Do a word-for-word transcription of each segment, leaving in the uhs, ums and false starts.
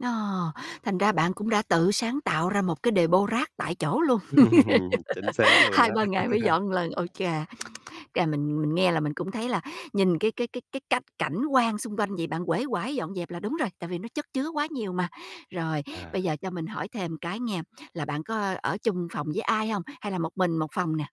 Ờ, thành ra bạn cũng đã tự sáng tạo ra một cái đề-pô rác tại chỗ luôn, Ừm. Chính xác luôn Hai ba á. ngày mới dọn lần. Ôi chà, à, mình mình nghe là mình cũng thấy là nhìn cái cái cái cái cách cảnh quan xung quanh vậy, bạn uể oải dọn dẹp là đúng rồi. Tại vì nó chất chứa quá nhiều mà. Rồi, À. bây giờ cho mình hỏi thêm cái nghe, là bạn có ở chung phòng với ai hông? Hay là một mình một phòng nè?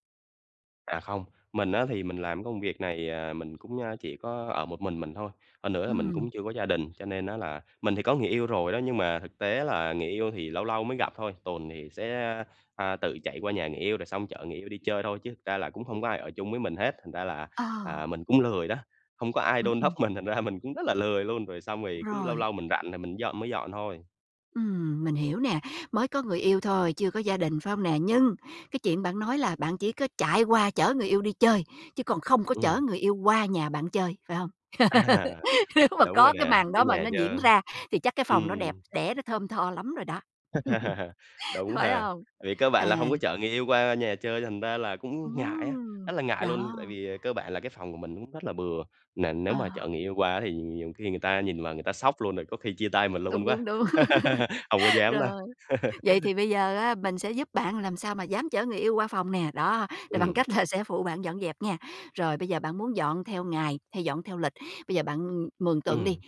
À, không. Mình á, thì mình làm cái công việc này, à, mình cũng, ơ, chỉ có ở một mình mình thôi. Hơn nữa là mình cũng Ừm. chưa có gia đình. Cho nên á, là mình thì có người yêu rồi đó, nhưng mà thực tế là người yêu thì lâu lâu mới gặp thôi. Tuần thì sẽ, a, à, tự chạy qua nhà người yêu rồi xong chở người yêu đi chơi thôi, chứ thực ra là cũng hông có ai ở chung với mình hết. Thành ra là, Ờ. à, mình cũng lười đó, hông có ai Ừm, đôn ừm. đốc mình thành ra mình cũng rất là lười luôn, rồi xong rồi cứ lâu Rồi. lâu mình rảnh rồi mình dọn mới dọn thôi. Ừm, mình hiểu nè. Mới có người yêu thôi, chưa có gia đình, phải hông nè? Nhưng cái chuyện bạn nói là bạn chỉ có chạy qua chở người yêu đi chơi, chứ còn không có chở Ừm. người yêu qua nhà bạn chơi, phải hông? À, Nếu mà đúng rồi có cái nè, màn cái đó mà nhà nó diễn dơ. ra thì chắc cái phòng nó đẹp Ừm. đẽ, nó thơm tho lắm rồi đó, Đúng phải ha. hông? Vì cơ bản là À. hông có chở người yêu qua nhà chơi thành ra là cũng ngại á, Ừm. rất là ngại luôn. Tại Đó. vì, ờ, cơ bản là cái phòng của mình cũng rất là bừa. Nền nếu mà chở À. người yêu qua thì nhiều khi người ta nhìn vào người ta sốc luôn, rồi có khi chia tay mình Đúng, luôn quá. đúng, đúng. Hông có dám đâu. Rồi, vậy thì bây giờ á, mình sẽ giúp bạn làm sao mà dám chở người yêu qua phòng nè. Đó, rồi bằng Ừm. cách là sẽ phụ bạn dọn dẹp nha. Rồi, bây giờ bạn muốn dọn theo ngày, hay dọn theo lịch? Bây giờ bạn, ừm, mường tượng đi, Ừm.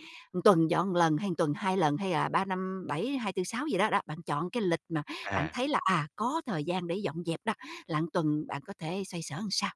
tuần dọn lần, hay tuần hai lần, hay là ba năm bảy, ha tư sáu gì đó, đó. Bạn chọn cái lịch mà bạn À. thấy là, à, có thời gian để dọn dẹp đó, là tuần bạn có thể xoay sở sao?